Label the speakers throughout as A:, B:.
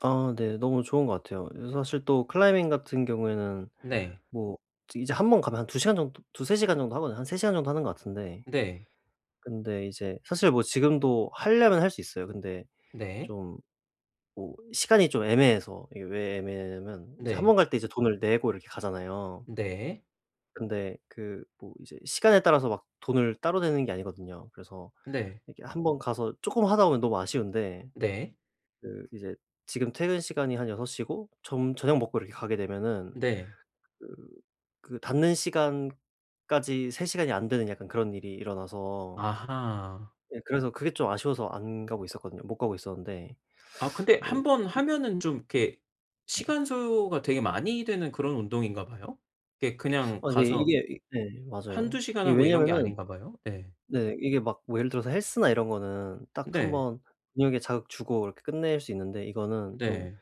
A: 아 네 너무 좋은 것 같아요. 그래서 사실 또 클라이밍 같은 경우에는
B: 네.
A: 뭐 이제 1 번 가면 한 2 시간 정도, 2-3 시간 정도 하거든요. 한 3 시간 정도 하는 것 같은데
B: 네.
A: 근데 이제 사실 뭐 지금도 하려면 할 수 있어요. 근데
B: 네.
A: 좀 뭐 시간이 좀 애매해서 이게 왜 애매하냐면 이제 1
B: 네.
A: 번 갈 때 이제 돈을 내고 이렇게 가잖아요.
B: 네.
A: 근데 그 뭐 이제 시간에 따라서 막 돈을 따로 내는 게 아니거든요. 그래서
B: 네.
A: 이렇게 1 번 가서 쪼끔 하다 보면 너무 아쉬운데
B: 네.
A: 그 이제 지금 퇴근 시간이 한 6 시고 좀 저녁 먹고 이렇게 가게 되면은
B: 네.
A: 그 그 닫는 시간까지 3 시간이 안 되는 약간 그런 일이 일어나서
B: 아하.
A: 네. 그래서 그게 좀 아쉬워서 안 가고 있었거든요. 못 가고 있었는데
B: 아 근데 1
A: 뭐
B: 번
A: 그
B: 하면은 좀 이렇게
A: 네.
B: 시간 소요가 되게 많이 되는 그런 운동인가 봐요. 네 그냥
A: 아 네.
B: 가서
A: 이게 네 맞아요.
B: 1-2 시간
A: 이게
B: 하고 이런 게
A: 왜냐하면은
B: 아닌가 봐요. 예.
A: 네 이게 막 뭐 예를 들어서 헬스나 이런 거는 딱 1
B: 네.
A: 번 근육에 자극 주고 이렇게 끝낼 수 있는데 이거는 좀
B: 네.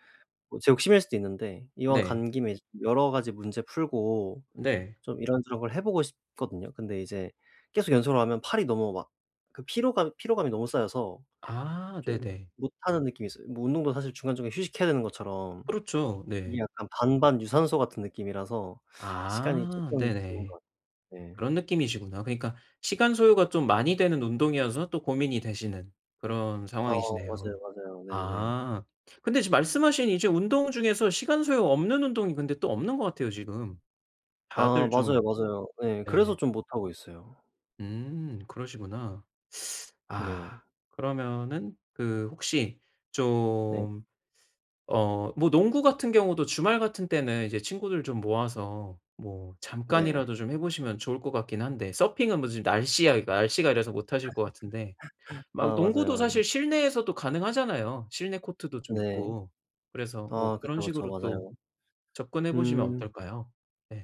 A: 뭐 제 욕심일 수도 있는데 이왕
B: 네.
A: 간 김에 이제 여러 가지 문제 풀고
B: 네.
A: 좀 이런저런 걸 해 보고 싶거든요. 근데 이제 계속 연속으로 하면 팔이 너무 막 그 피로감, 피로감이 너무 쌓여서
B: 아
A: 좀
B: 네네.
A: 못하는 느낌이 있어요. 뭐 운동도 사실 중간중간 휴식해야 되는 것처럼.
B: 그렇죠.
A: 이게
B: 네.
A: 약간 반반 유산소 같은 느낌이라서 시간이
B: 아
A: 쪼끔 드는
B: 네네
A: 것 같아요. 네.
B: 그런 느낌이시구나. 그러니까 시간 소요가 좀 많이 되는 운동이어서 또 고민이 되시는 그런
A: 어 맞아요,
B: 상황이시네요.
A: 맞아요. 네네.
B: 아 근데 지금 말씀하신 이제 운동 중에서 시간 소요 없는 운동이 근데 또 없는 것 같아요 지금.
A: 아
B: 다들 좀
A: 맞아요, 맞아요. 예. 그래서
B: 네.
A: 좀 못 하고 있어요.
B: 음. 그러시구나. 아
A: 네.
B: 그러면은 그 혹시
A: 네.
B: 좀 어 뭐 농구 같은 경우도 주말 같은 때는 이제 친구들 좀 모아서 뭐
A: 네.
B: 잠깐이라도 좀 해 보시면 좋을 것 같긴 한데 서핑은 무슨 날씨가, 날씨가 이래서 못 하실 것 같은데
A: 아
B: 막
A: 맞아요,
B: 농구도 사실
A: 맞아요.
B: 실내에서도 가능하잖아요. 실내 코트도 좀
A: 네
B: 있고 그래서 뭐
A: 아
B: 그런
A: 그쵸, 그쵸.
B: 식으로 또
A: 맞아요.
B: 접근해 보시면
A: 음.
B: 어떨까요? 네.